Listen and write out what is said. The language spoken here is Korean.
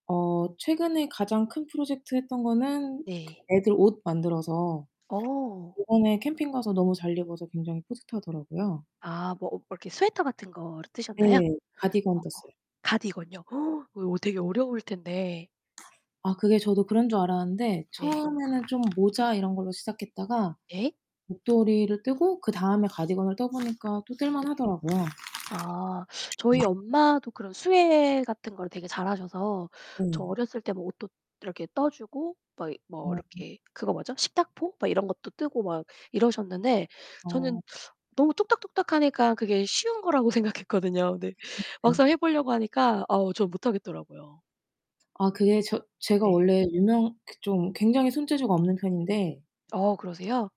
어 최근에 가장 큰 프로젝트 했던 거는 그 네. 애들 옷 만들어서 어. 요번에 캠핑 가서 너무 잘 입어서 굉장히 뿌듯하더라고요. 아. 뭐 뭐 이렇게 스웨터 같은 거를 예. 뜨셨나요? 어. 가디건 떴어요. 가디건요? 어요 되게 어려울 텐데. 아 그게 저도 그런 줄 알았는데 네. 처음에는 좀 모자 이런 걸로 시작했다가 예. 목도리를 뜨고 그다음에 가디건을 떠 보니까 또 뜰만 네. 하더라고요. 아. 네. 저희 엄마도 그런 수예 같은 걸 되게 잘하셔서 저 네. 어렸을 때 뭐 옷도 이렇게 떠 주고 막 뭐 어. 이렇게 그거 뭐죠 식탁보 막 이런 것도 뜨고 막 이러셨는데 저는 어. 너무 뚝딱뚝딱 하니까 그게 쉬운 거라고 생각했거든요. 그런데 음 네. 막상 해 보려고 하니까 아우 저는 못하겠더라고요. 아 그게 저 제가 네. 원래 유명 그 좀 굉장히 손재주가 없는 편인데. 어 그러세요?